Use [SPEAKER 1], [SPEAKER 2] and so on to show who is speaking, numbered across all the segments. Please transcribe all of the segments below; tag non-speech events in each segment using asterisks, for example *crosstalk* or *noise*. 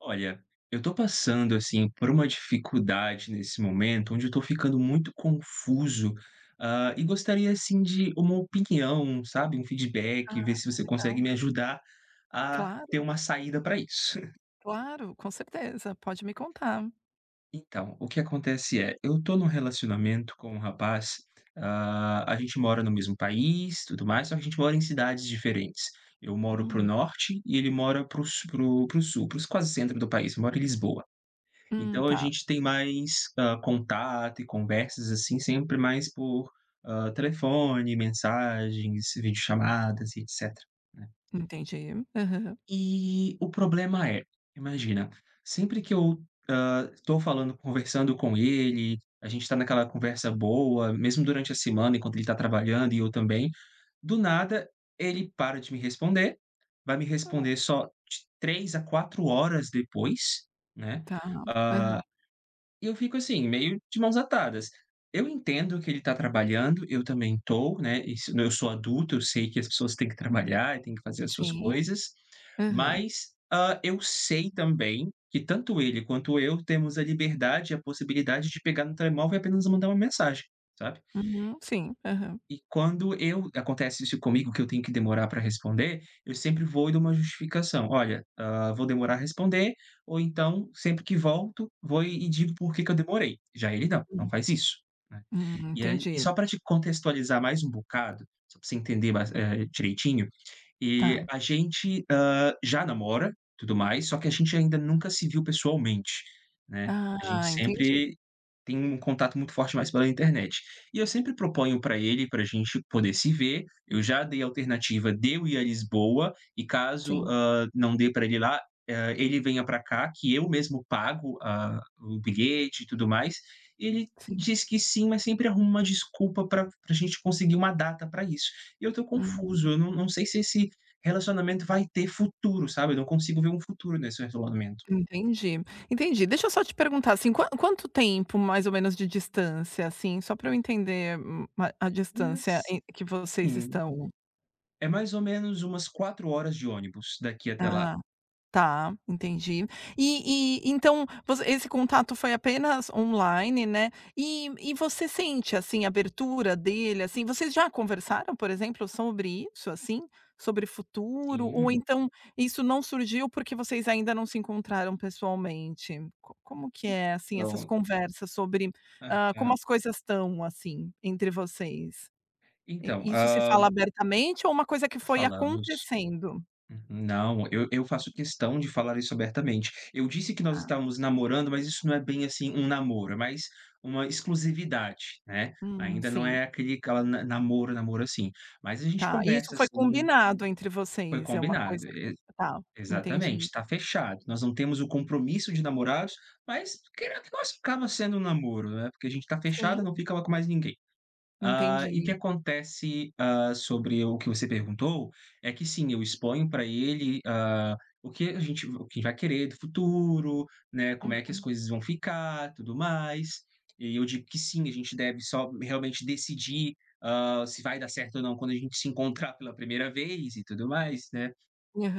[SPEAKER 1] Olha, eu tô passando, assim, por uma dificuldade nesse momento, onde eu tô ficando muito confuso. Hã, e gostaria, assim, de uma opinião, sabe, um feedback,
[SPEAKER 2] Ah,
[SPEAKER 1] ver se você consegue
[SPEAKER 2] legal.
[SPEAKER 1] me ajudar a ter
[SPEAKER 2] Claro.
[SPEAKER 1] uma saída pra isso. *chuckles*
[SPEAKER 2] Claro, com certeza. Pode me contar.
[SPEAKER 1] Então, o que acontece é, eu tô num relacionamento com um rapaz, hã, a gente mora no mesmo país, tudo mais, só que a gente mora em cidades diferentes. Eu moro para o
[SPEAKER 2] Hum.
[SPEAKER 1] Norte e ele mora para o s para o Sul, para os quase centro do país, mora em Lisboa.
[SPEAKER 2] Hum.
[SPEAKER 1] Então a
[SPEAKER 2] Tá.
[SPEAKER 1] gente tem mais, hã, contato e conversas, assim, sempre mais por, hã, telefone, mensagens, videochamadas e etcétera, né.
[SPEAKER 2] Entendi. Aham.
[SPEAKER 1] E o problema é, imagina, sempre que eu, hã, tô falando, conversando com ele, a gente tá naquela conversa boa, mesmo durante a semana enquanto ele tá trabalhando e eu também, do nada ele para de me responder, vai me
[SPEAKER 2] *unintelligible*
[SPEAKER 1] responder só de 3 a 4 horas depois, né,
[SPEAKER 2] Tá.
[SPEAKER 1] ah,
[SPEAKER 2] Aham.
[SPEAKER 1] e eu fico assim, meio de mãos atadas. Eu entendo que ele tá trabalhando, eu também tô, né, isso eu sou adulto, eu sei que as pessoas têm que trabalhar e têm que fazer as suas
[SPEAKER 2] Sim.
[SPEAKER 1] coisas,
[SPEAKER 2] Aham.
[SPEAKER 1] mas, hã, eu sei também que, tanto ele, quanto eu, temos a liberdade e a possibilidade de pegar no telemóvel e apenas mandar uma mensagem, sabe.
[SPEAKER 2] Uhum. Sim.
[SPEAKER 1] E
[SPEAKER 2] Aham.
[SPEAKER 1] e quando eu acontece isso comigo, que eu tenho que demorar pra responder, eu sempre vou e dou uma justificação: "olha, hã, vou demorar responder" ou então, sempre que volto, vou e digo porquê que eu demorei. Já ele, não. Não
[SPEAKER 2] *unintelligible*
[SPEAKER 1] faz isso, né.
[SPEAKER 2] Uhum.
[SPEAKER 1] E aí e
[SPEAKER 2] Entendi.
[SPEAKER 1] só pra te contextualizar mais um bocado, só pra você entender mais, eh, direitinho, e
[SPEAKER 2] Tá.
[SPEAKER 1] a gente, hã, já namora, tudo mais, só que a gente ainda nunca se viu pessoalmente, né. A gente
[SPEAKER 2] Ah, entendi.
[SPEAKER 1] sempre tem um contato muito forte mais pela internet. E eu sempre proponho pra ele pra gente poder se ver, eu já dei alternativa de eu ir à Lisboa e caso,
[SPEAKER 2] Sim.
[SPEAKER 1] hã, não dê pra ele ir lá, hã, ele venha pra cá que eu mesmo pago a o bilhete e tudo mais. E ele
[SPEAKER 2] Sim.
[SPEAKER 1] diz que sim, mas sempre arruma uma desculpa pra pra a gente conseguir uma data pra isso. E eu tô confuso,
[SPEAKER 2] Hum.
[SPEAKER 1] eu não não sei se esse relacionamento vai ter futuro, sabe. Eu não consigo ver um futuro nesse relacionamento.
[SPEAKER 2] Entendi, entendi. Deixa eu só te perguntar assim, quan quanto tempo, mais ou menos, de distância? Assim só pra eu entender, hum, a a distância
[SPEAKER 1] Nas
[SPEAKER 2] em que vocês
[SPEAKER 1] sim.
[SPEAKER 2] estão.
[SPEAKER 1] É mais ou menos umas 4h de ônibus daqui até lá.
[SPEAKER 2] Ah, tá, entendi. E e então, voc esse contato foi apenas online, né, e e você sente assim abertura dele assim? Vocês já conversaram, por exemplo, sobre isso assim? Sobre futuro ou
[SPEAKER 1] Sim.
[SPEAKER 2] então isso não surgiu, porque vocês ainda não se encontraram pessoalmente? Co como que é, assim, essas
[SPEAKER 1] Então.
[SPEAKER 2] conversas sobre, hã, como
[SPEAKER 1] Aham.
[SPEAKER 2] as coisas, estão, assim entre vocês? E
[SPEAKER 1] Então,
[SPEAKER 2] isso se
[SPEAKER 1] hã
[SPEAKER 2] fala abertamente ou uma coisa que foi
[SPEAKER 1] Falamos.
[SPEAKER 2] acontecendo?
[SPEAKER 1] Uhum. Não, eu eu faço questão de falar isso abertamente. Eu disse que nós
[SPEAKER 2] Tá.
[SPEAKER 1] estávamos namorando, mas isso não é bem assim um namoro, é mais uma exclusividade, né.
[SPEAKER 2] Hum,
[SPEAKER 1] Ainda não
[SPEAKER 2] Sim.
[SPEAKER 1] é aquele aquela namoro namoro assim, mas a gente
[SPEAKER 2] Tá, e isso
[SPEAKER 1] conversa,
[SPEAKER 2] foi
[SPEAKER 1] sim.
[SPEAKER 2] combinado entre
[SPEAKER 1] Foi
[SPEAKER 2] vocês? É uma coisa
[SPEAKER 1] combinado. E
[SPEAKER 2] que tá, entendi.
[SPEAKER 1] exatamente, tá fechado, nós não temos o compromisso de namorados, mas *unintelligible* que nós acaba sendo um namoro, né, porque a gente tá
[SPEAKER 2] Sim.
[SPEAKER 1] fechado, não ficava com mais ninguém. Hã, e o que
[SPEAKER 2] Entendi.
[SPEAKER 1] acontece, hã, sobre o que você perguntou, é que sim, eu exponho pra ele, hã, o que a gente o que vai querer do futuro, né, como é que as
[SPEAKER 2] Uhum.
[SPEAKER 1] coisas vão ficar, tudo mais. E eu digo que sim, a gente deve só m realmente decidir, hã, se vai dar certo ou não, quando a gente se encontrar pela primeira vez e tudo mais, né.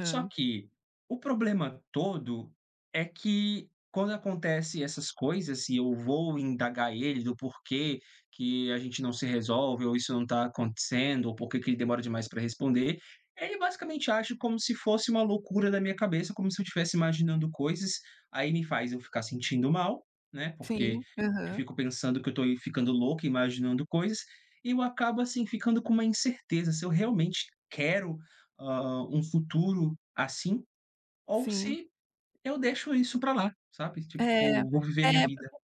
[SPEAKER 1] Só que, o problema todo é que, quando acontece essas coisas, se eu vou indagar ele do porquê que a gente não se resolve, ou isso não tá acontecendo, ou por que que ele demora demais para responder, ele basicamente age como se fosse uma loucura da minha cabeça, como se eu estivesse imaginando coisas, aí me faz eu ficar sentindo mal, né, porque
[SPEAKER 2] Sim.
[SPEAKER 1] eu
[SPEAKER 2] Aham.
[SPEAKER 1] fico pensando que eu tô ficando louco, imaginando coisas, e eu acabo, assim, ficando com uma incerteza, se eu realmente quero, hã, um futuro assim, ou
[SPEAKER 2] Sim.
[SPEAKER 1] se eu deixo isso pra lá, sabe. Tipo,
[SPEAKER 2] É.
[SPEAKER 1] vou viver a minha
[SPEAKER 2] É.
[SPEAKER 1] vida.
[SPEAKER 2] Porque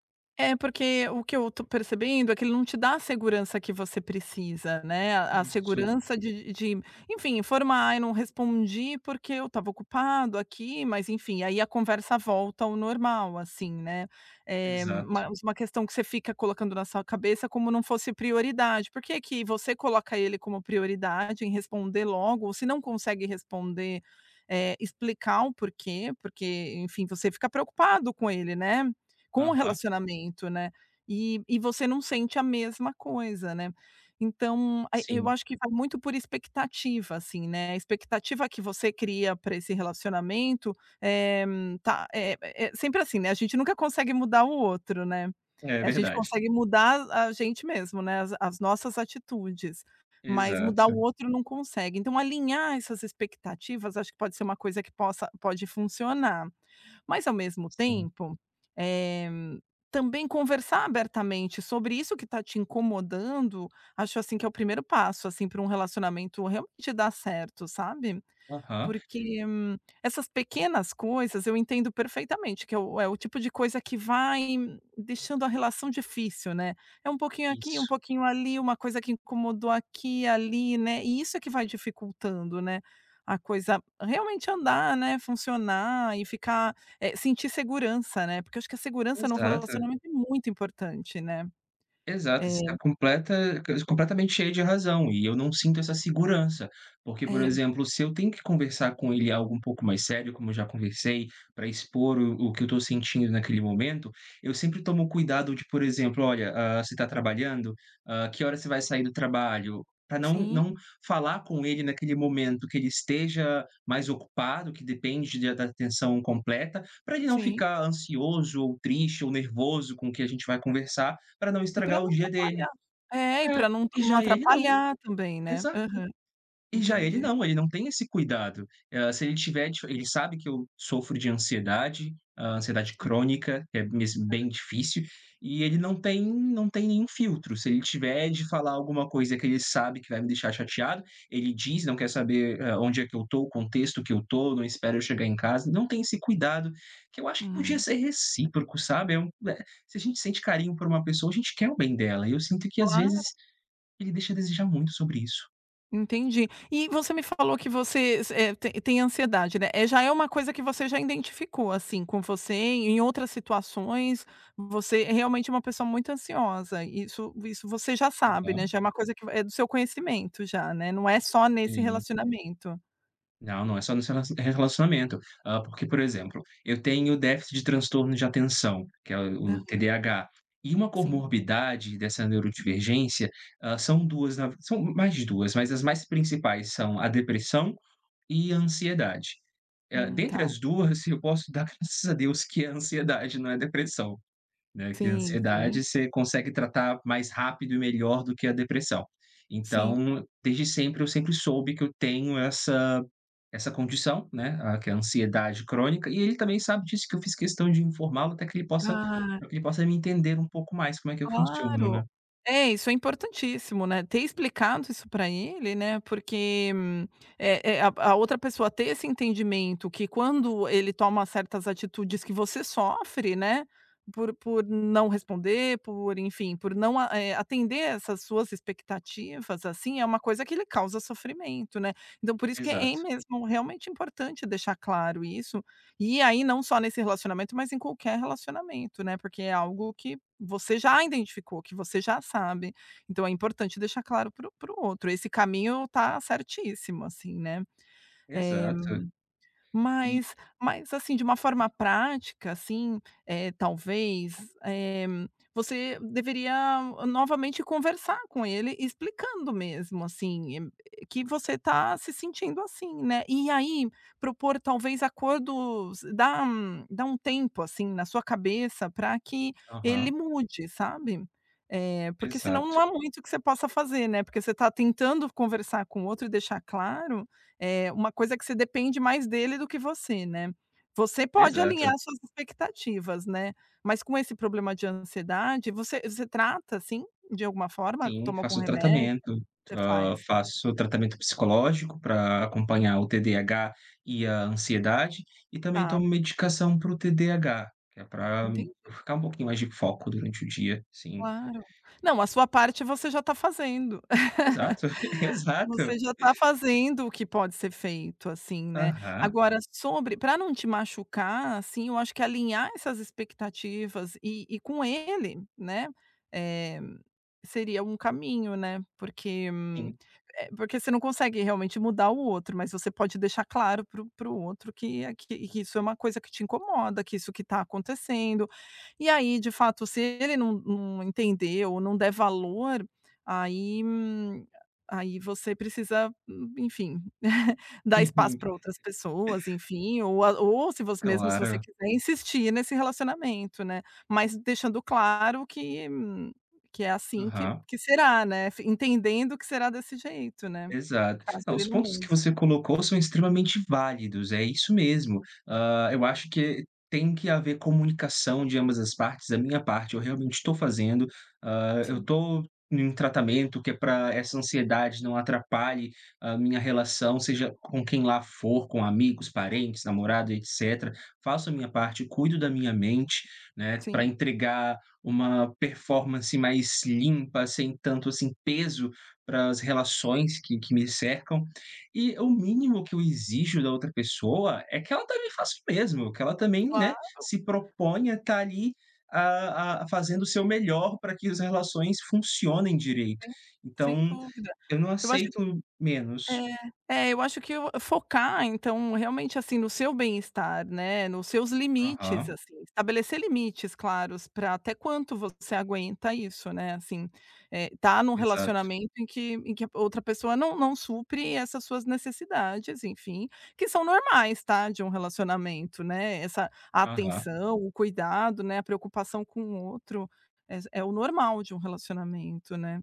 [SPEAKER 2] É porque o que eu tô percebendo é que ele não te dá a segurança que você precisa, né. A a
[SPEAKER 1] Isso.
[SPEAKER 2] segurança de de enfim, informar: “Eu não respondi porque eu estava ocupado aqui", mas enfim, aí a conversa volta ao normal, assim, né. Eh,
[SPEAKER 1] Exato.
[SPEAKER 2] mais uma questão que você fica colocando na sua cabeça, como não fosse prioridade. Por que é que você coloca ele como prioridade, em responder logo, ou se não consegue responder, eh, explicar o porquê. Porque, enfim, você fica preocupado com ele, né, com o
[SPEAKER 1] Aham.
[SPEAKER 2] relacionamento, né, e e você não sente a mesma coisa, né. Então e eu
[SPEAKER 1] Sim.
[SPEAKER 2] acho que vai muito por expectativa assim, né, a expectativa que você cria pra esse relacionamento, eh, tá eh eh, sempre assim, né, a gente nunca consegue mudar o outro, né,
[SPEAKER 1] É
[SPEAKER 2] a gente
[SPEAKER 1] verdade.
[SPEAKER 2] consegue mudar a a gente mesmo, né, as as nossas atitudes, mas mudar o
[SPEAKER 1] Exato.
[SPEAKER 2] outro não consegue. Então alinhar essas expectativas acho que pode ser uma coisa que possa pode funcionar. Mas, ao mesmo
[SPEAKER 1] Sim
[SPEAKER 2] tempo, eh, também conversar abertamente sobre isso que tá te incomodando, acho assim que é o primeiro passo, assim, pra um relacionamento realmente dar certo, sabe.
[SPEAKER 1] Aham.
[SPEAKER 2] Porque, essas pequenas coisas, eu entendo perfeitamente que é o é o tipo de coisa que vai deixando a relação difícil, né. É pouquinho aqui um
[SPEAKER 1] Isso.
[SPEAKER 2] pouquinho ali, uma coisa que incomodou aqui, ali, né. E isso é que vai dificultando, né, a coisa realmente andar, né, funcionar e ficar, eh sentir segurança, né. Porque eu acho que a segurança no
[SPEAKER 1] Exato.
[SPEAKER 2] relacionamento é muito importante, né.
[SPEAKER 1] Exato, você está
[SPEAKER 2] Eh
[SPEAKER 1] completa q completamente cheia de razão e eu não sinto essa segurança, porque, por
[SPEAKER 2] É.
[SPEAKER 1] exemplo, se eu tenho que conversar com ele algo um pouco mais sério como eu já conversei, pra expor o o que eu estou sentindo naquele momento, eu sempre tomo cuidado de por exemplo, olha hã, você tá trabalhando? Hã, que horas você vai sair do trabalho? Pra não
[SPEAKER 2] Sim.
[SPEAKER 1] não falar com ele naquele momento que ele esteja mais ocupado, que depende de da atenção completa, pra ele não
[SPEAKER 2] Sim.
[SPEAKER 1] ficar ansioso ou triste ou nervoso com o que a gente vai conversar pra não
[SPEAKER 2] E pra
[SPEAKER 1] estragar o
[SPEAKER 2] não
[SPEAKER 1] dia dele.
[SPEAKER 2] atrapalhar. É, e pra
[SPEAKER 1] É.
[SPEAKER 2] não
[SPEAKER 1] E
[SPEAKER 2] não
[SPEAKER 1] já ele não
[SPEAKER 2] atrapalhar também, né.
[SPEAKER 1] Exato.
[SPEAKER 2] Aham.
[SPEAKER 1] E já ele
[SPEAKER 2] Entendi.
[SPEAKER 1] não, ele não tem esse cuidado. Eh, se ele tiver t ele sabe que eu sofro de ansiedade. Hã, ansiedade
[SPEAKER 2] Sim.
[SPEAKER 1] crônica é mesmo
[SPEAKER 2] Hã.
[SPEAKER 1] bem difícil e ele não tem não tem nenhum filtro, se ele tiver de falar alguma coisa que ele sabe que vai me deixar chateado, ele diz, não quer saber, eh, onde é que eu tô, o contexto que eu tô, não espera eu chegar em casa, não tem esse cuidado que eu acho que podia
[SPEAKER 2] Hum.
[SPEAKER 1] ser recíproco, sabe. Eh u eh se a gente sente carinho por uma pessoa a gente quer o bem dela, e eu sinto que, às
[SPEAKER 2] Claro.
[SPEAKER 1] vezes, ele deixa a desejar muito sobre isso.
[SPEAKER 2] Entendi. E você me falou que você s é tem tem ansiedade, né. Eh, já é uma coisa que você já identificou, assim, com você, em outras situações? Você é realmente uma pessoa muito ansiosa e isso isso você já sabe, né?
[SPEAKER 1] Aham.
[SPEAKER 2] Já é uma coisa que é do seu conhecimento já, né? Não é só nesse
[SPEAKER 1] Sim.
[SPEAKER 2] relacionamento.
[SPEAKER 1] Não, não, é só nos rela relacionamento, hã, porque, por exemplo, eu tenho o déficit de transtorno de atenção, que é o o
[SPEAKER 2] Aham.
[SPEAKER 1] TDAH, e uma
[SPEAKER 2] Sim.
[SPEAKER 1] comorbidade dessa neurodivergência, hã, são 2 na v são mais de 2, mas as mais principais são a depressão e a ansiedade. Eh,
[SPEAKER 2] Hum,
[SPEAKER 1] dentre
[SPEAKER 2] tá.
[SPEAKER 1] as 2 eu posso dar graças a Deus que é a ansiedade não é depressão, né, que a
[SPEAKER 2] Sim, sim.
[SPEAKER 1] ansiedade você consegue tratar mais rápido e melhor do que a depressão.
[SPEAKER 2] Sim.
[SPEAKER 1] Então, desde sempre eu sempre soube que eu tenho essa essa condição, né, ah que é ansiedade crônica e ele também sabe disso que eu fiz questão de informá-lo até que ele possa
[SPEAKER 2] Ah.
[SPEAKER 1] ele possa me entender um pouco mais como é que eu funciono,
[SPEAKER 2] Claro.
[SPEAKER 1] né.
[SPEAKER 2] É, isso é importantíssimo, né, ter explicado isso pra ele, né, porque é é a a outra pessoa ter esse entendimento que, quando ele toma certas atitudes que você sofre, né, por por não responder, por enfim, por não eh, atender essas suas expectativas assim, é uma coisa que ele causa sofrimento, né, então por isso que é
[SPEAKER 1] Exato.
[SPEAKER 2] em mesmo realmente importante deixar claro isso, e aí não só nesse relacionamento, mas em qualquer relacionamento, né, porque é algo que você já identificou, que você já sabe, então é importante deixar claro para o para o outro, esse caminho tá certíssimo assim, né. Eh,
[SPEAKER 1] Exato. E
[SPEAKER 2] mas mas assim de uma forma prática assim, eh, talvez, eh, você deveria novamente conversar com ele explicando mesmo assim e que você tá se sentindo assim, né. E aí propor talvez acordos dá um dá um tempo assim na sua cabeça pra que ele
[SPEAKER 1] Aham.
[SPEAKER 2] mude, sabe. Eh, porque senão não
[SPEAKER 1] Exato.
[SPEAKER 2] há muito o que você possa fazer, né. Porque você tá tentando conversar com o outro e deixar claro, eh, uma coisa que você depende mais dele do que você, né. Você pode
[SPEAKER 1] Exato.
[SPEAKER 2] alinhar as suas expectativas, né. Mas com esse problema de ansiedade, você você trata assim de alguma forma?
[SPEAKER 1] Sim,
[SPEAKER 2] Toma algum
[SPEAKER 1] faço
[SPEAKER 2] remédio?
[SPEAKER 1] tratamento,
[SPEAKER 2] Você
[SPEAKER 1] hã,
[SPEAKER 2] faz?
[SPEAKER 1] faço tratamento psicológico pra acompanhar o TDAH e a ansiedade e também
[SPEAKER 2] Tá.
[SPEAKER 1] tomo medicação para o TDAH, que é pra eu
[SPEAKER 2] Entendi.
[SPEAKER 1] ficar um pouquinho mais de foco durante o dia, sim.
[SPEAKER 2] Claro. Não, a sua parte você já tá fazendo.
[SPEAKER 1] Exato, *laughs*
[SPEAKER 2] *laughs*
[SPEAKER 1] exato.
[SPEAKER 2] Você já tá fazendo, o que pode ser feito assim, né.
[SPEAKER 1] Aham.
[SPEAKER 2] Agora, sobre pra não te machucar, assim, eu acho que alinhar essas expectativas e e com ele, né, eh, seria um caminho, né, porque, hum
[SPEAKER 1] Sim.
[SPEAKER 2] eh, porque você não consegue realmente mudar o outro, mas você pode deixar claro para o para o outro que é que isso é uma coisa que te incomoda, que isso que tá acontecendo. E aí, de fato se ele não não entendeu ou não der valor, aí, hum aí você precisa hum enfim, *laughs* dar espaço
[SPEAKER 1] Sim.
[SPEAKER 2] pra outras pessoas, enfim. Ou a ou se você mesmo se você
[SPEAKER 1] Claro.
[SPEAKER 2] quiser insistir nesse relacionamento, né. Mas deixando claro que que é assim que
[SPEAKER 1] Aham.
[SPEAKER 2] que será, né. Entendendo que será desse jeito né,
[SPEAKER 1] Exato.
[SPEAKER 2] caso
[SPEAKER 1] Ah,
[SPEAKER 2] ele
[SPEAKER 1] os
[SPEAKER 2] não
[SPEAKER 1] pontos que
[SPEAKER 2] mude.
[SPEAKER 1] você colocou são extremamente válidos, é isso mesmo. Hã, eu acho que tem que haver comunicação, de ambas as partes. A minha parte, eu realmente tô fazendo. Hã, eu
[SPEAKER 2] Sim.
[SPEAKER 1] tô num tratamento que é pra essa ansiedade não atrapalhe a minha relação, seja com quem lá for, com amigos,
[SPEAKER 2] Sim.
[SPEAKER 1] parentes, namorado, etcétera. Faço a minha parte, cuido da minha mente, né, pra
[SPEAKER 2] Sim.
[SPEAKER 1] entregar uma performance mais limpa, sem tanto, assim, peso para as relações que que me
[SPEAKER 2] Sim
[SPEAKER 1] cercam, e o mínimo que eu exijo da outra pessoa é que ela também faça o mesmo, que ela também, né,
[SPEAKER 2] Claro.
[SPEAKER 1] se proponha estar ali, a a fazendo o seu melhor pra que as relações funcionem direito.
[SPEAKER 2] Sim, sem
[SPEAKER 1] Então,
[SPEAKER 2] dúvida.
[SPEAKER 1] eu não
[SPEAKER 2] Eu acho
[SPEAKER 1] aceito menos.
[SPEAKER 2] É. É, eu acho que o focar então, realmente, assim, no seu bem-estar, né. Nos seus limites,
[SPEAKER 1] Uhum.
[SPEAKER 2] assim. Estabelecer limites claros pra até quanto você aguenta isso, né. Assim, eh, tá num
[SPEAKER 1] Exato.
[SPEAKER 2] relacionamento em que em que a outra pessoa não não supre essas suas necessidades, enfim, que são normais, tá, de um relacionamento, né. Essa
[SPEAKER 1] Uhum.
[SPEAKER 2] atenção, o cuidado, né, a preocupação com o outro é é o normal de um relacionamento, né.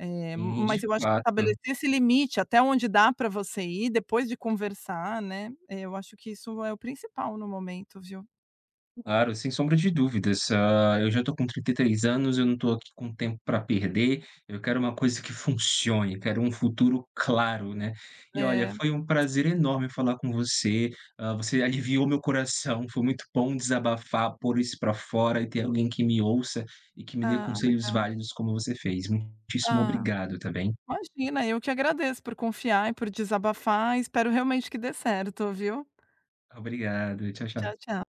[SPEAKER 2] Eh,
[SPEAKER 1] E
[SPEAKER 2] mas
[SPEAKER 1] de
[SPEAKER 2] eu acho que
[SPEAKER 1] fato.
[SPEAKER 2] estabelecer esse limite até onde dá pra você ir depois de conversar, né. É, eu acho que isso é o principal no momento, viu.
[SPEAKER 1] Claro, sem sombra de dúvidas. Hã, eu já tô com 33 anos, eu não tô aqui com tempo pra perder, eu quero uma coisa que funcione, quero um futuro claro, né. E olha,
[SPEAKER 2] É,.
[SPEAKER 1] foi prazer
[SPEAKER 2] *unintelligible*
[SPEAKER 1] enorme falar com você, hã, você aliviou meu coração, foi muito bom desabafar, pôr isso pra fora e ter alguém que me ouça e que me dê
[SPEAKER 2] Ah,
[SPEAKER 1] conselhos
[SPEAKER 2] legal.
[SPEAKER 1] válidos, como você fez. Muitíssimo
[SPEAKER 2] Ah,
[SPEAKER 1] obrigado, tá bem.
[SPEAKER 2] imagina. Eu que agradeço por confiar e por desabafar e espero realmente que dê certo, viu.
[SPEAKER 1] Obrigado. Tchau,
[SPEAKER 2] Tchau,
[SPEAKER 1] tchau.
[SPEAKER 2] tchau.